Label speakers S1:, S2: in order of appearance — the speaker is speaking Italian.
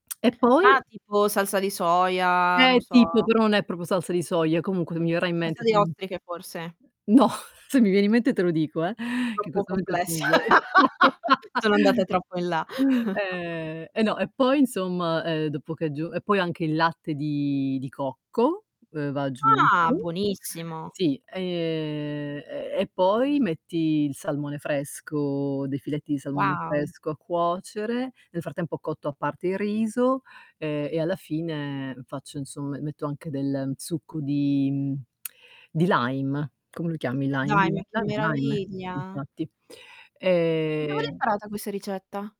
S1: E poi?
S2: Ah tipo salsa di soia, non
S1: Eh, tipo
S2: so.
S1: però non è proprio salsa di soia, comunque mi verrà in mente
S2: Salsa di
S1: [unintelligible]
S2: ostriche forse.
S1: No se mi viene in mente te lo dico eh, che in
S2: Troppo
S1: questo momento c'è
S2: complessa.
S1: un vuoto.
S2: Sono andate troppo in là.
S1: Eh. E no, e poi insomma, ehm, dopo che è g e poi anche il latte di di cocco uhm, va
S2: Ah,
S1: aggiunto.
S2: buonissimo.
S1: Sì, ehm, e e poi metti il salmone fresco, dei filetti di salmone
S2: Wow.
S1: fresco a cuocere. Nel frattempo cotto a parte il riso, ehm, e alla fine faccio insomma m metto anche del succo di di lime. Come lo chiami il lime?
S2: Dai mia che
S1: Lime, lime, sì
S2: meraviglia.
S1: infatti.
S2: Dove l'hai
S1: Ehm
S2: imparata questa ricetta?